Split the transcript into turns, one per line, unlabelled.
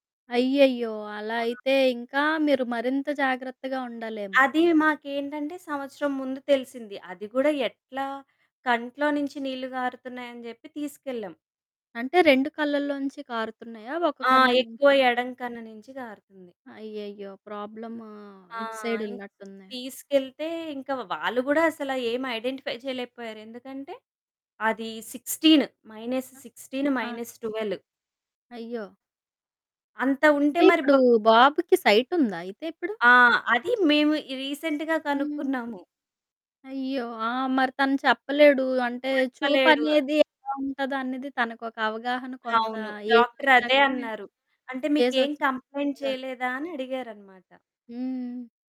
అయ్యయ్యో! అలా అయితే ఇంకా మీరు మరింత జాగ్రత్తగా ఉండాలేమో!
అది మాకేంటంటే సంవత్సరం ముందు తెలిసింది. అది కూడా ఎట్లా కంట్లో నుంచి నీళ్ళు కారుతున్నాయని జెప్పి తీసుకెళ్ళాం.
అంటే 2 కళ్ళల్లోంచి కారుతున్నాయా 1
ఆ!
కన్ను
ఎక్కువ
నుంచా?
ఎడం కన్ను నుంచి కారుతుంది.
అయ్యయ్యో! ప్రోబ్లము
ఆ!
ఇటు సైడ్
ఇం
ఉన్నట్టుంది.
తీసుకెళ్తే ఇంక వాళ్ళు కూడా అసల ఏమి ఐడెంటిఫై చేయలేకపోయారు. ఎందుకంటే అది సిక్స్‌టిన్ మైనస్ సిక్స్‌టిన్
ఆ!
మైనస్ ట్వెల్వ్
అయ్యో!
అంత ఉంటే
అంటే
మరి
ఇప్పుడు
బప్
బాబుకి సైట్ ఉందా అయితే ఇప్పుడు?
ఆ! అది మేము ఇ రీసెంట్‌గా
హ్మ్.
కనుక్కున్నాము.
అయ్యో! ఆ! మరి తను చెప్పలేడు. అంటే
చెప్పలేడు.
చూపనేది ఎలా ఉంటదో అనేది తనకొక అవగాహన కొంత
అవును. డాక్టర్ అదే
ఏ‌జోచ్చాకే,
అన్నారు. అంటే మీకు ఏమి
ఏ‌జోచ్చ‌కే
కంప్లెయింట్
చెప్పగలడు
చేయలేదా? అని అడిగారు అన్నమాట.
హ్మ్.